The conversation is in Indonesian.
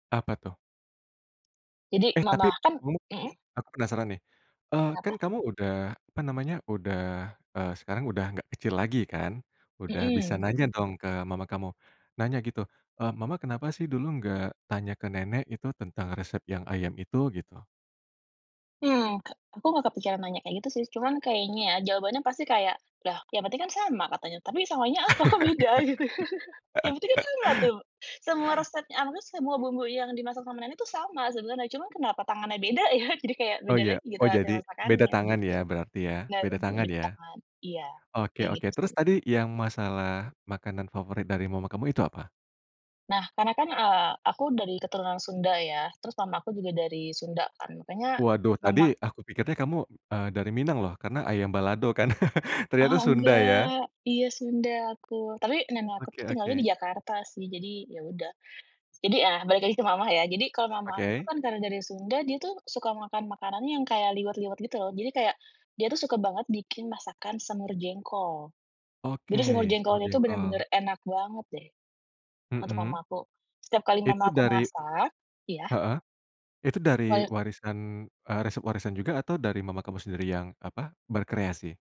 Apa tuh? Jadi Eh, tapi mama kan, ngomong-ngomong mhm. aku penasaran nih, eee, kan Kenapa? kamu udah apa namanya udah, eee, sekarang udah nggak kecil lagi kan, udah bisa Mhm. nanya dong ke mama kamu, nanya gitu, eee, mama kenapa sih dulu gak tanya ke nenek itu tentang resep yang ayam itu gitu? Mmm, aku nggak kepikiran nanya kayak gitu sih cuman kayaknya jawabannya pasti kayak lah yang penting kan sama katanya tapi samanya apa kok beda? Gitu yang penting kan sama tuh semua resep [unintelligible] semua bumbu yang dimasak sama nenek tuh sama sebenernya cuma kenapa tangannya beda ya jadi kayak Oh beda iya lagi gitu oh hasil jadi beda masakannya tangan gitu, ya berarti ya bener beda tangan lebih ke ya, tangan iya oke kayak oke gitu terus sih. tadi yang masalah makanan favorit dari mama kamu itu apa? Nah karena kan, eee, aku dari keturunan Sunda ya terus mama aku juga dari Sunda kan makanya Waduh mama tadi aku pikirnya kamu, eee, dari Minang loh karena ayam balado kan ternyata Oh Sunda ya. nggak iya Sunda aku tapi nenek aku Oke tuh tinggalnya di oke. Jakarta sih jadi ya udah, jadi, ah, balik lagi ke mama ya jadi kalau mama aku tuh Oke. kan karena dari Sunda dia tuh suka makan-makanan yang kayak liwet-liwet gitu loh jadi kayak dia tuh suka banget bikin masakan semur jengkol, Oke jadi semur semur jengkolnya itu jengkol. bener-bener enak banget deh, untuk Mhm. mama aku setiap kali mama Itu aku dari, masak, iya? heeh, itu dari [unintelligible] warisan, eee, resep warisan juga atau dari mama kamu sendiri yang apa berkreasi?